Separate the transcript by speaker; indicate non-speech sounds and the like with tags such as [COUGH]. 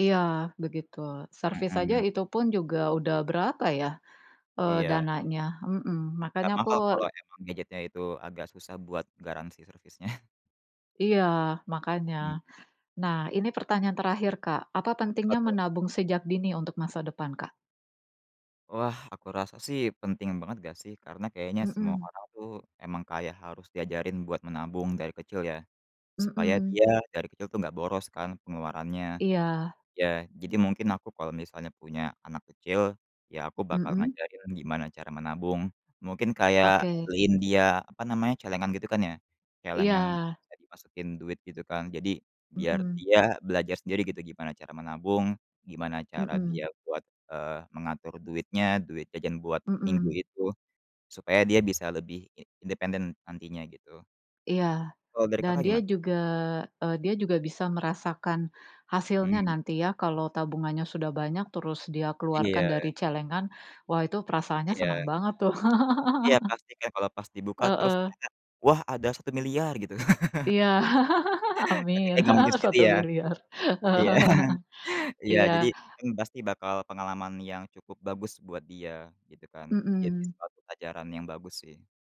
Speaker 1: Iya begitu. Servis saja
Speaker 2: Mhm.
Speaker 1: itu pun juga udah berapa ya, eee,
Speaker 2: Iya.
Speaker 1: dananya. Mhm, makanya
Speaker 2: Nggak
Speaker 1: aku
Speaker 2: mahal kalau
Speaker 1: e
Speaker 2: emang gadgetnya itu agak susah buat garansi servisnya. [CHUCKLES]
Speaker 1: Iya makanya.
Speaker 2: Mmm.
Speaker 1: Nah ini pertanyaan terakhir, Kak, apa pentingnya
Speaker 2: Betul.
Speaker 1: menabung sejak dini untuk masa depan, Kak?
Speaker 2: Wah, aku rasa sih penting banget nggak sih karena kayaknya semua
Speaker 1: Mhm.
Speaker 2: orang tuh emang kayak harus diajarin buat menabung dari kecil ya, supaya
Speaker 1: Mhm.
Speaker 2: dia dari kecil tuh nggak boros kan pengeluarannya.
Speaker 1: Iya.
Speaker 2: Ya, jadi mungkin aku kalau misalnya punya anak kecil ya aku bakal
Speaker 1: Mhm?
Speaker 2: ngajarin gimana cara menabung. Mungkin kayak
Speaker 1: Oke.
Speaker 2: beliin dia, apa namanya, celengan gitu kan ya. Celengan yang
Speaker 1: Iya.
Speaker 2: bisa dimasukin duit gitu kan, jadi biar
Speaker 1: Mhm.
Speaker 2: dia belajar sendiri gitu gimana cara menabung, gimana cara dia
Speaker 1: Mhm.
Speaker 2: buat, eee, mengatur duitnya, duit jajan buat minggu
Speaker 1: Mhm.
Speaker 2: itu, supaya dia bisa lebih i independen nantinya gitu.
Speaker 1: Iya,
Speaker 2: Kalau dari
Speaker 1: dan
Speaker 2: Kakak
Speaker 1: dia
Speaker 2: giman
Speaker 1: juga e dia juga bisa merasakan hasilnya
Speaker 2: Mhm.
Speaker 1: nanti ya, kalau tabungannya sudah banyak terus dia keluarkan dari
Speaker 2: Iya.
Speaker 1: celengan wah itu perasaannya seneng
Speaker 2: Iya.
Speaker 1: banget tuh.
Speaker 2: Iya
Speaker 1: [CHUCKLES]
Speaker 2: pasti kan, kalau pas dibuka terus
Speaker 1: Heeh.
Speaker 2: ternyata, "Wah, ada 1.000.000.000," gitu. [CHUCKLES]
Speaker 1: Iya, [CHUCKLES]
Speaker 2: Tapi
Speaker 1: amin.
Speaker 2: kayaknya nggak mungkin
Speaker 1: [CHUCKLES]
Speaker 2: segitu
Speaker 1: satu
Speaker 2: ya.
Speaker 1: miliar.
Speaker 2: Iya.
Speaker 1: [CHUCKLES]
Speaker 2: [CHUCKLES] Iya,
Speaker 1: Iya.
Speaker 2: jadi kan pasti bakal pengalaman yang cukup bagus buat dia gitu kan, jadi
Speaker 1: Mhm.
Speaker 2: suatu pelajaran yang bagus sih.